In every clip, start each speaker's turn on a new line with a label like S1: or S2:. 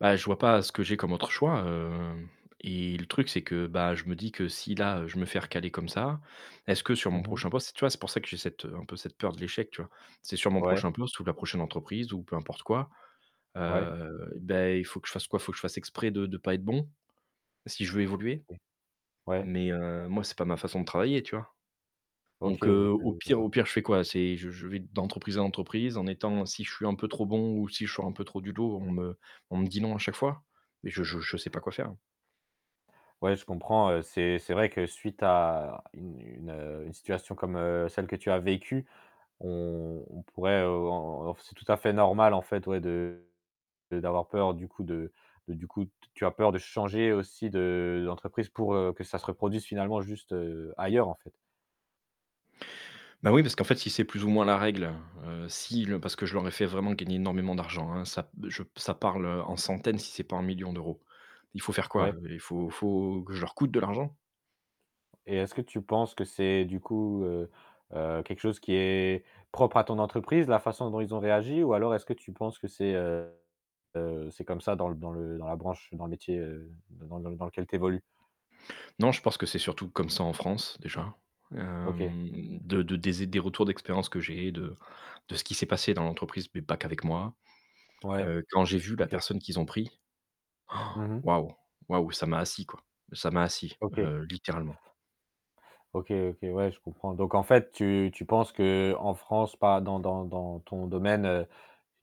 S1: Bah, je vois pas ce que j'ai comme autre choix heu, et le truc, c'est que, bah, je me dis que si là, heu, je me fais recaler comme ça, est-ce que sur mon
S2: Mmh mh.
S1: prochain poste c tu vois, c'est pour ça que j'ai cette, heu, un peu cette peur de l'échec, tu vois? C'est sur mon
S2: Ouais.
S1: prochain poste ou la prochaine entreprise ou peu importe quoi,
S2: Ouais.
S1: heu, bah, il faut que je fasse quoi? Il faut que fasse exprès de de de pas être bon si je veux évoluer?
S2: OK. Ouais.
S1: Mais, heu, moi c'est pas ma façon de travailler, tu vois?
S2: OK,
S1: Donc heu,
S2: les je
S1: au pire
S2: vois.
S1: au pire, je fais quoi? C'est je je vais d'entreprise à entreprise en étant si je suis un peu trop bon ou si je sors un peu trop du lot on me on me dit non à chaque fois? Mais je je je sais pas quoi faire.
S2: Ouais, je comprends. C'est c'est vrai que suite à une une, heu, une situation comme, heu, celle que tu as vécue, on on pourrait, heu, en en f c'est tout à fait normal en fait, ouais, de d'avoir peur du coup de de du coup, t tu as peur de changer aussi de d'entreprise pour, heu, que ça se reproduise finalement juste, heu, ailleurs en fait?
S1: Bah oui parce qu'en fait si c'est plus ou moins la règle, heu, si le parce que je leur ai fait vraiment gagner énormément d'argent, hein, ça b je b ça parle en centaines si c'est pas en millions d'euros. Il faut faire quoi?
S2: Ouais.
S1: Heu, faut faut que je leur coûte de l'argent?
S2: Et est-ce que tu penses que c'est du coup, heu heu, quelque chose qui est propre à ton entreprise, la façon dont ils ont réagi ou alors est-ce que tu penses que c'est, heu, c'est comme ça dans l dans le dans la branche, dans le métier, heu, d dans l dans l dans lequel tu évolues?
S1: Non je pense que c'est surtout comme ça en France déjà,
S2: OK.
S1: hem, de de des zé des retours d'expérience que j'ai, de de ce qui s'est passé dans l'entreprise mais pas qu'avec moi.
S2: Ouais,
S1: Heu, quand j'ai vu la
S2: OK.
S1: personne qu'ils ont pris,
S2: Mmh mh.
S1: waouh! Waouh, ça m'a assis quoi, ça m'a assis,
S2: OK.
S1: heu, littéralement.
S2: OK, OK, ouais, je comprends. Donc en fait, tu tu penses qu'en France, pas dans dans dans ton domaine, heu,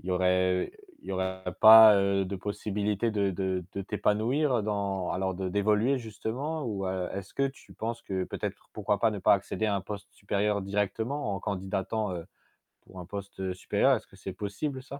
S2: il y aurait il y aura pas, heu, de possibilité de de de t'épanouir dans alors de d'évoluer justement ou a est-ce que tu penses que peut-être pour pourquoi pas ne pas accéder à un poste supérieur directement en candidatant, heu, pour un poste supérieur? Est-ce que c'est possible ça?